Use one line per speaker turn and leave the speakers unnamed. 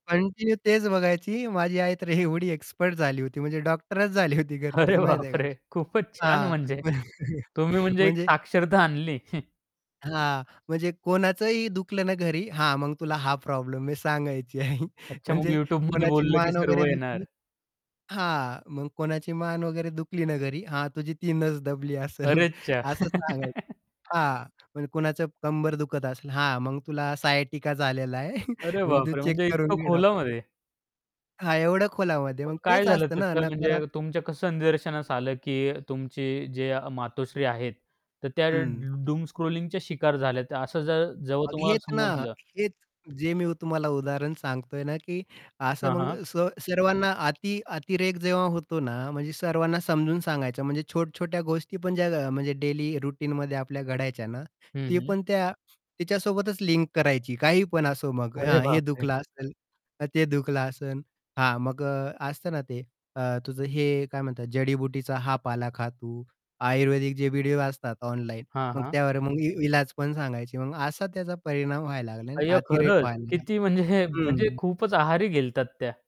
Continue तेच बघायची, माझी आई तर एवढी एक्सपर्ट झाली होती, म्हणजे डॉक्टरच झाली होती
अरे
घरचीच माहिती आहे का?
बापरे! खूपच छान
हां,
म्हणजे.
म्हण
तुम्ही म्हणजे एक
म्हणजे
साक्षरता आणली.
हां, म्हणजे कोणाचंही दुखलं ना, घरी, हां, मग तुला हा प्रॉब्लेम मी सांगायची आई.
अच्छा मग
म्हणजे
YouTube मध्ये
कोणाची
बोललं की
मान
सर्व
वगैरे दुखली
येणार.
हां, मग कोणाची मान वगैरे दुखली ना, घरी, हां, तुझी ती नस दबली असेल
अरे च्या!
असं सांगायचं हां, म्हणजे कुणाचं कंबर दुखत असेल, हां, मग तुला सायटिका झालेला आहे
अरे
मग तू
बापरे!
चेक
म्हणजे
करून
इतकं
घे डॉक्टरकडून.
खोलामध्ये.
हां, एवढं खोलामध्ये,
मग
मग
काय
तेच
झालं,
असत ना
त्याचं म्हणजे
नकारात
तुमच्या कसं निदर्शनास आलं, की तुमची जे या मातोश्री आहेत. तर त्या
हं.
डु डूम स्क्रॉलिंगच्या शिकार झाल्यात, असं ज जेव्हा
मग
तुम्हाला
हेच ना,
समजलं.
हेच जे मी तुम्हाला उदाहरण सांगतोय ना, की असं
हां,
मग
हां.
स सर्वांना अति अतिरेक जेव्हा होतो ना, म्हणजे सर्वांना समजून सांगायचं म्हणजे छोट्या-छोट्या गोष्टी पण ज्या अ, म्हणजे डेली रुटीनमध्ये आपल्या घडायच्या ना,
हं,
ती
हं.
पण त्या तिच्यासोबतच लिंक करायची. काही पण असो मग
अरे
हा हे
बापरे!
दुखलं असेल, का ते दुखलं असेल, हां, मग अ, असतं ना ते अ, तुझं हे काय म्हणतात जडीबुटीचा हा पाला खा तू. आयुर्वेदिक जे व्हिडिओ असतात ऑनलाईन,
हां,
मग
हां.
त्यावर मग इ इलाज पण सांगायची मग असा त्याचा परिणाम व्हायला लागला नाही का
अय्या
अतिरेक
खरंच.
व्हायला लागला.
किती म्हणजे म्हणजे
हं.
खूपच आहारी गेल्या होत्या त्या.